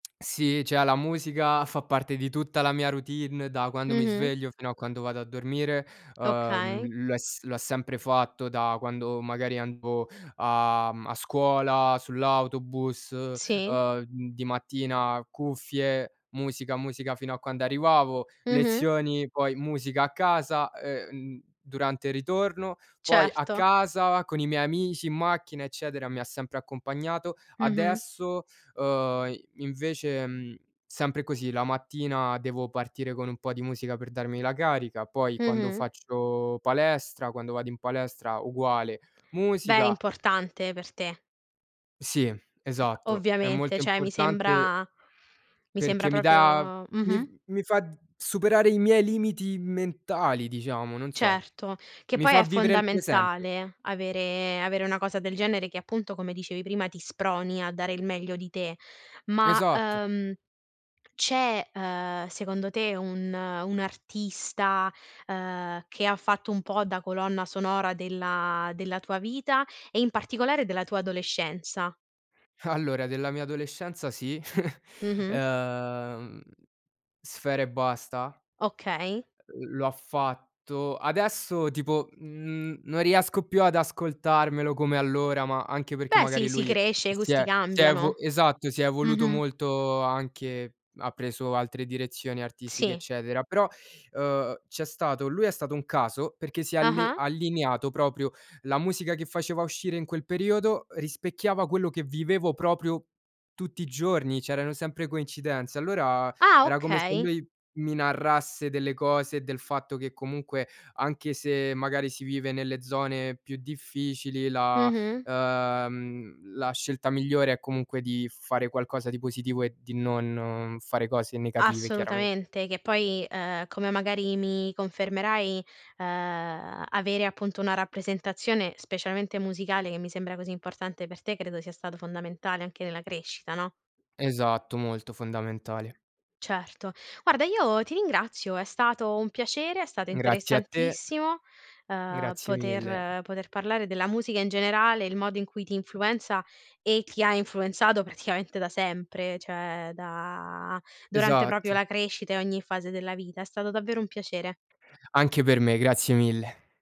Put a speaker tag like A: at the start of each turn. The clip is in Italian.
A: Sì, cioè, la musica fa parte di tutta la mia routine da quando mi
B: Mh-mh.
A: sveglio fino a quando vado a dormire. Ehm,
B: Okay.
A: lo ha s lo ha sempre fatto da quando, magari, andavo, uhm, a scuola, sull'autobus.
B: Sì.
A: Ehm, di mattina: cuffie, musica, musica fino a quando arrivavo.
B: Mh-mh.
A: Lezioni, poi musica a casa, uhm, durante il ritorno. Poi, a
B: Certo.
A: casa con i miei amici in macchina, eccetera, mi ha sempre accompagnato.
B: Mh-mh.
A: Adesso, uhm, invece, mhmm, sempre così: la mattina devo partire con un po' di musica per darmi la carica; poi, quando
B: Mh-mh.
A: faccio palestra quando vado in palestra, uguale,
B: Beh,
A: musica.
B: importante per te.
A: Sì, esatto, è molto
B: Ovviamente, cioè, mi
A: importante
B: sembra mi sembra
A: perché mi dà
B: proprio
A: mi f
B: mh-mh.
A: mi fa superare i miei limiti mentali diciamo, non so.
B: Certo, che
A: Mi
B: poi
A: fa
B: è
A: vivere il presente.
B: fondamentale avere avere una cosa del genere che appunto, come dicevi prima, ti sproni a dare il meglio di te. Ma,
A: Esatto.
B: uhm, c'è ehm, secondo te un, un artista ehm, che fatto un po' da colonna sonora della della tua vita e in particolare della tua adolescenza?
A: Allora della mia adolescenza sì,
B: Mh-mh.
A: uhm, Sfera Ebbasta,
B: Okay.
A: uhm, lo ha fatto. Adesso, tipo, mhmm, non riesco più ad ascoltarmelo come allora, ma anche perché,
B: Beh sì
A: magari,
B: si
A: lui
B: cresce, i
A: si
B: gusti
A: è si è evu
B: cambiano.
A: esatto, si è evoluto
B: Mh-mh.
A: molto anche, ha preso altre direzioni artistiche,
B: Sì.
A: eccetera. Però, uhm, c'è stato lui è stato un caso perché si è alli
B: Ah-ah.
A: allineato proprio. La musica che faceva uscire in quel periodo, rispecchiava quello che vivevo proprio tutti i giorni, c'erano sempre coincidenze. Allora,
B: Ah!
A: era come se
B: Okay.
A: lui mi narrasse delle cose e del fatto che, comunque, anche se, magari, si vive nelle zone più difficili, la
B: Mh-mh.
A: mhmm, la scelta migliore è, comunque, di fare qualcosa di positivo e di non fare cose negative, chiaramente.
B: Assolutamente che poi ehm, come magari mi confermerai ehm, avere appunto una rappresentazione, specialmente musicale che mi sembra così importante per te credo sia stato fondamentale anche nella crescita, no?
A: Esatto, molto fondamentale.
B: Certo. Guarda io ti ringrazio, è stato un piacere, è stato
A: Grazie a te,
B: interessantissimo ehm,
A: grazie mille.
B: poter poter parlare della musica in generale, il modo in cui ti influenza e ti ha influenzato praticamente da sempre, cioè da durante proprio
A: Esatto.
B: la crescita e ogni fase della vita. È stato davvero un piacere.
A: Anche per me, grazie mille.